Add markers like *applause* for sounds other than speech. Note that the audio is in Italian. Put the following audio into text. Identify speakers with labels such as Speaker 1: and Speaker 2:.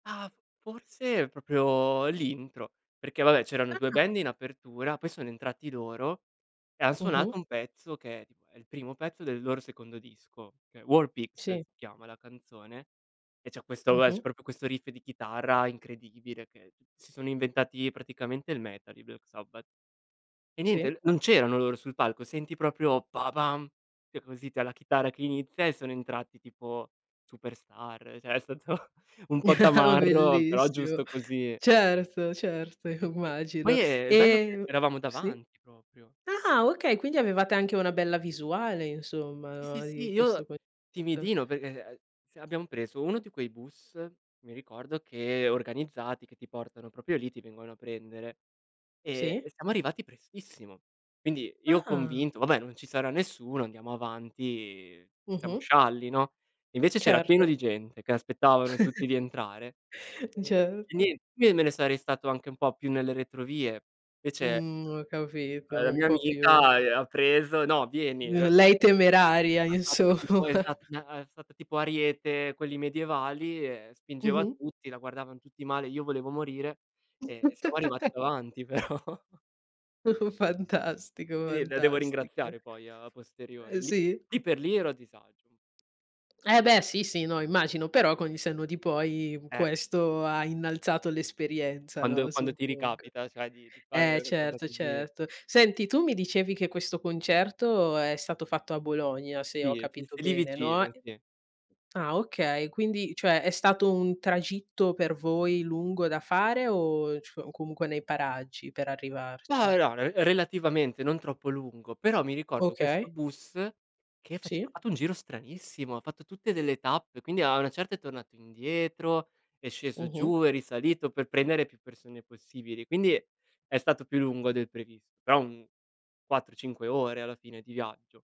Speaker 1: Ah, f forse proprio l'intro, perché vabbè c'erano 2
Speaker 2: Ah.
Speaker 1: band in apertura, poi sono entrati loro e han
Speaker 2: Mh-mh.
Speaker 1: suonato un pezzo, che è tipo è il primo pezzo del loro secondo disco, che è "War pigs" si
Speaker 2: Sì.
Speaker 1: chiama la canzone e c'è questo, vabbè, c'è
Speaker 2: Mh-mh.
Speaker 1: proprio questo riff di chitarra incredibile che t si sono inventati praticamente il metal i Black Sabbath. E
Speaker 2: Sì.
Speaker 1: niente, non c'erano loro sul palco, senti proprio "pa pam" che così *unintelligible* la chitarra che inizia e sono entrati tipo superstar, cioè è stato un po'
Speaker 2: *chuckles*
Speaker 1: tamarro, però
Speaker 2: Bellissimo.
Speaker 1: giusto così.
Speaker 2: Certo, certo
Speaker 1: E e
Speaker 2: immagino.
Speaker 1: poi e il bello che
Speaker 2: Ehm
Speaker 1: eravamo
Speaker 2: Sì?
Speaker 1: davanti proprio.
Speaker 2: Ah, okay, quindi avevate anche una bella visuale insomma
Speaker 1: Sì, sì,
Speaker 2: no,
Speaker 1: sì,
Speaker 2: di questo
Speaker 1: io
Speaker 2: concerto.
Speaker 1: timidino perché, uhm, se abbiamo preso uno di quei bus, mi ricordo che organizzati, che ti portano proprio lì, ti vengono a prendere e
Speaker 2: Sì.
Speaker 1: e siamo arrivati prestissimo. Quindi io
Speaker 2: Ah.
Speaker 1: convinto: "Vabbè, non ci sarà nessuno, andiamo avanti, siamo
Speaker 2: Mh-mh.
Speaker 1: scialli, no?" E invece c'era pieno
Speaker 2: Certo.
Speaker 1: di gente che aspettavano tutti di
Speaker 2: *chuckles*
Speaker 1: entrare. E e
Speaker 2: Certo.
Speaker 1: nien io me ne sarei stato anche un po' più nelle retrovie. Invece,
Speaker 2: Mhmm,
Speaker 1: ehm,
Speaker 2: ho capito,
Speaker 1: la
Speaker 2: un
Speaker 1: mia
Speaker 2: po' più
Speaker 1: amica, uhm, ha preso: "No, vieni",
Speaker 2: mhmm,
Speaker 1: ehm
Speaker 2: lei temeraria,
Speaker 1: Ha fatto
Speaker 2: insomma.
Speaker 1: tipo esa n ha fatto tipo ariete, quelli medievali e spingeva
Speaker 2: Mh-mh.
Speaker 1: tutti, la guardavan tutti male, io volevo morire e siamo arrivati
Speaker 2: *chuckles*
Speaker 1: davanti però.
Speaker 2: *chuckles* Fantastico,
Speaker 1: E de la devo
Speaker 2: fantastic
Speaker 1: ringraziare poi a posteriori
Speaker 2: Ehm,
Speaker 1: lì
Speaker 2: sì?
Speaker 1: lì per lì ero a disagio un
Speaker 2: Eh beh sì, sì, no immagino, però con il senno di poi
Speaker 1: Eh.
Speaker 2: questo ha innalzato l'esperienza, no,
Speaker 1: Quando quando ti
Speaker 2: suppongo.
Speaker 1: ricapita, cioè di di fare
Speaker 2: Eh
Speaker 1: una cosa
Speaker 2: certo,
Speaker 1: così?
Speaker 2: certo. Senti tu mi dicevi che questo concerto è stato fatto a Bologna se ho
Speaker 1: Sì, sì, s
Speaker 2: capito
Speaker 1: lì
Speaker 2: bene, no,
Speaker 1: vicino,
Speaker 2: e
Speaker 1: sì.
Speaker 2: Ah okay, quindi cioè, è stato un tragitto per voi lungo da fare o c o comunque nei paraggi per
Speaker 1: Mah,
Speaker 2: arrivarci?
Speaker 1: *unintelligible* relativamente, non troppo lungo. Però mi ricordo questo
Speaker 2: Okay.
Speaker 1: bus che face ha
Speaker 2: Sì.
Speaker 1: fatto un giro stranissimo, ha fatto tutte delle tappe, quindi a una certa è tornato indietro, è sceso
Speaker 2: Mh-mh.
Speaker 1: giù, è risalito per prendere più persone possibili, quindi è stato più lungo del previsto, però un 4, 5 ore alla fine di viaggio.